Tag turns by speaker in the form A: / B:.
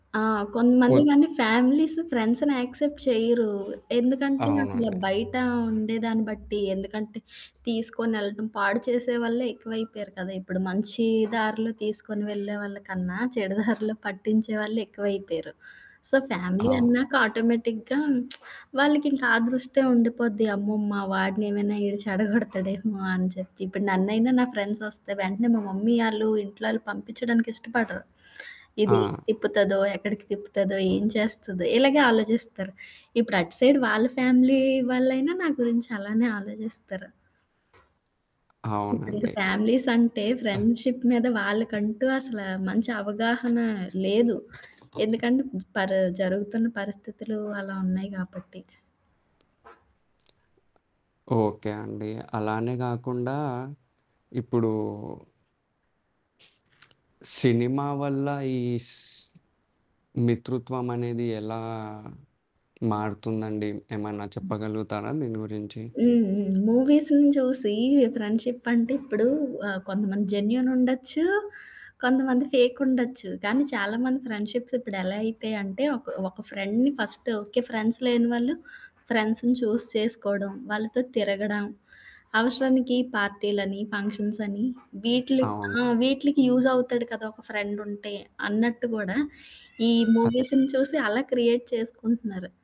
A: ఆ! కొంతమంది
B: ఓద్
A: గాని ఫ్యామిల్సు ఫ్రెండ్స్‌న్ని యాక్సెప్ట్ చేయరు. ఎందుకంటే అసల
B: అవునండి.
A: బయట ఉండేదాన్ని బట్టి, ఎందుకంటే తీసుకొనేళ్ళటం, పాడు చేసే వాళ్ళే ఎక్కువైపోయారు కదా! ఇప్పుడు మంచి దారిలో తీసుకొని వెళ్ళే వాళ్ళ కన్నా, చెడు దారిలో పట్టించే వాళ్ళు ఎక్కువైపయరు. సో ఫ్యామిలీ
B: అవు
A: అన్నాక ఆటోమేటిక్‌గా వాళ్ళకింకా ఆ! దృష్టే ఉండిపోద్ది అమ్మో! మా వాడినెమైనా ఈడు చెడగొడతాడేమో అని చెప్పి. ఇప్పుడు నన్నైనా నా ఫ్రెండ్సొస్తే వెంటనే మా మమ్మీ ఆళ్ళు ఇంట్లో ఆళ్ళు పంపించడానికి ఇష్టపడరు.
B: ఆ!
A: ఇది తిప్పుతదో, ఎక్కడికి తిప్పుతదో, ఏం చేస్తుదో, ఇలగే ఆలోచిస్తరు. ఇప్పుడు అటు సైడ్ వాళ్ళ ఫ్యామిలీ వాళ్ళైనా నా గురించి అలానే ఆలోచిస్తరు. ఇప్పుడు ఇంకా
B: అవునండి.
A: ఫ్యామిలీసంటే ఫ్రెండ్షిప్ మీద వాళ్ళకంటూ అసలా మంచి అవగాహన లేదు. ఎందుకంటే పర జరుగుతున్న పరిస్థితులు అలా ఉన్నాయి కాబట్టి.
B: ఓకే అండి. అలానే గాకుండా ఇప్పుడు సినిమా వల్ల ఈస్ మితృత్వం అనేది ఎలా మారుతుందండి? ఏమన్నా
A: హ్మ్.
B: చెప్పగలుగుతారా దీని గురించి?
A: హ్మ్. హ్మ్. మూవీస్‌ని చూసి ఫ్రెండ్షిప్ అంటే ఇప్పుడు ఆ! కొంతమంది జెన్యూన్ ఉండొచ్చు, కొంతమంది ఫేకుండొచ్చు. కానీ చాలామంది ఫ్రెండ్షిప్స్ ఇప్పుడు ఎలా అయిపోయాంటే ఒక ఒక ఫ్రెండ్‌ని ఫస్ట్ ఓకే. ఫ్రెండ్స్ లేని వాళ్ళు ఫ్రెండ్స్‌‌ని చూజ్ చేసుకోవడం, వాళ్ళతో తిరగడం, అవసరానికి పార్టీలని ఫంక్షన్స్‌‌ని వీట్లు
B: అవును.
A: ఆ! వీట్లికి యూజ్ అవుతాడు కదా! ఒక ఫ్రెండుంటే, అన్నట్టు కూడా ఈ
B: అదే.
A: మూవీస్‌ని చూసి అలా క్రియేట్ చేసుకుంటున్నారు.